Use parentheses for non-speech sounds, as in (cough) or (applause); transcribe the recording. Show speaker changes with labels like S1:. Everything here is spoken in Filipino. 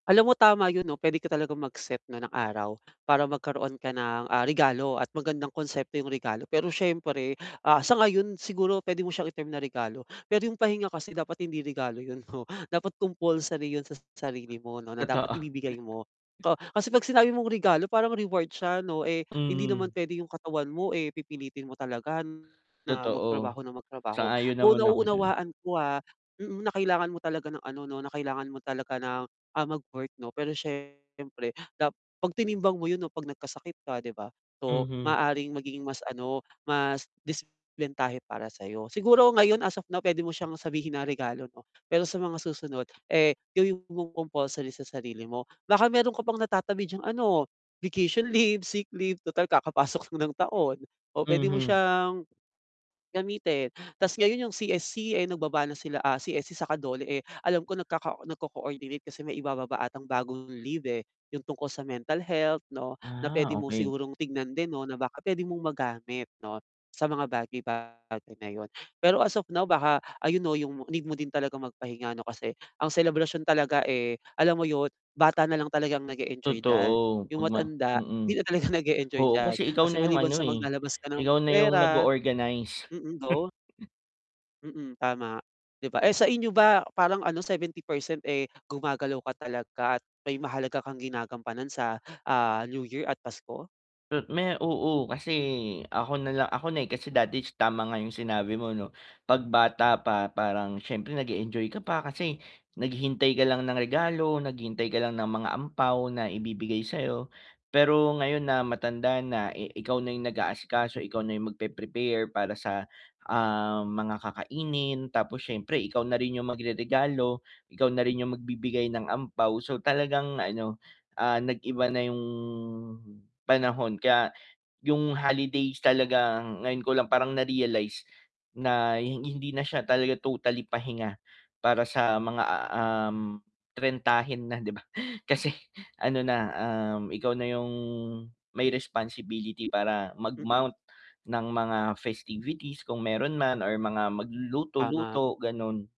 S1: Alam mo tama yun 'no, pwede ka talagang mag-set na ng araw, para magkaroon ka ng, ah, regalo at magandang konsepto yung regalo pero syempre, ah, sa ngayon siguro pwede mo siyang i-term na regalo. Pero yung pahinga kasi dapat hindi regalo yun 'no, dapat compulsory yun sa sarili mo 'no, na dapat
S2: Totoo.
S1: ibibigay mo.
S2: (chuckles)
S1: Ka kasi pag sinabi mong regalo, parang reward siya 'no, eh, hindi naman
S2: Mhm.
S1: pwede yung katawan mo, eh, pipilitin mo talaga na
S2: Totoo.
S1: magtrabaho nang magtrabaho.
S2: Sang-ayon
S1: Though,
S2: naman ako diyan.
S1: nauunawaan ko, ah, mm, na kailangan mo talaga ng ano 'no, na kailangan mo talaga ng, ah, mag-work 'no, pero syempre dap 'pag tinimbang mo yun 'no, pag nagkasakit ka 'di ba? So,
S2: Mhm.
S1: maaaring magiging mas ano, mas disiplentahe para sayo. Siguro ngayon, as of now pwede mo siyang sabihin na regalo 'no, pero sa mga susunod, eh, gawin mong compulsory sa sarili mo. Baka meron ka pang natatabi dyang ano, vacation leave, sick leave tutal kakapasok lang ng taon, o pwede mo
S2: Mhm.
S1: siyang, gamitin. Tas ngayon yung CSC, eh, nagbaba na sila, ah, CSC saka DOLE eh, alam ko nagkaka nagko-coordinate, kasi may ibababa atang bagong leave, eh, yung tungkol sa mental health 'no, na
S2: Ah,
S1: pwede mo
S2: okey.
S1: sigurong tignan din 'no, na baka pwede mong magamit 'no, sa mga bagay-bagay na yun. Pero as of now baka, ayun 'no, yung need mo din talagang magpahinga ano kasi, ang selebrasyon talaga, eh, alam mo yun, bata na lang talagang nag-e-enjoy diyan.
S2: Totoo,
S1: Yung
S2: pag ma
S1: matanda
S2: mm.
S1: hindi na talaga nag-e-enjoy
S2: Oo,
S1: diyan,
S2: kasi ikaw
S1: kasi
S2: na yung
S1: maliban
S2: ano,
S1: sa
S2: eh,
S1: maglalabas ka ng
S2: ikaw na yung
S1: pera
S2: nag-o-organize.
S1: mm, go.
S2: (chuckles)
S1: Mm, tama, 'di ba? Eh, sa inyo ba parang ano, 70% eh, gumagalaw ka talaga at may mahalaga kang ginagampanan sa, ah, New Year at Pasko?
S2: Tot me oo, kasi ako nala ako na, eh, kasi dati is tama nga yung sinabi mo 'no, 'pag bata pa, parang siyempre nag-e-enjoy ka pa kasi, naghihintay ka lang ng regalo, naghihintay ka lang ng mga ampao, na ibibigay sayo, pero ngayon na matanda na, eh, ikaw na yung nag-aasikaso, ikaw na yung magpe-prepare para sa, ah, mga kakainin tapos siyempre ikaw na rin yung magreregalo, ikaw na rin yung magbibigay ng ampao. So, talagang ano, ah, nag-iba na yung panahon, kaya yung holidays talaga, ah, ngayon ko lang parang na-realize, na hi hindi na siya talaga totally pahinga, para sa mga, um, trentahin na 'di ba? kasi ano na, um, ikaw na yung, may responsibility para
S1: Mm.
S2: mag-mount ng mga festivities kung meron man or mga
S1: Tama.
S2: magluluto-luto, ganon.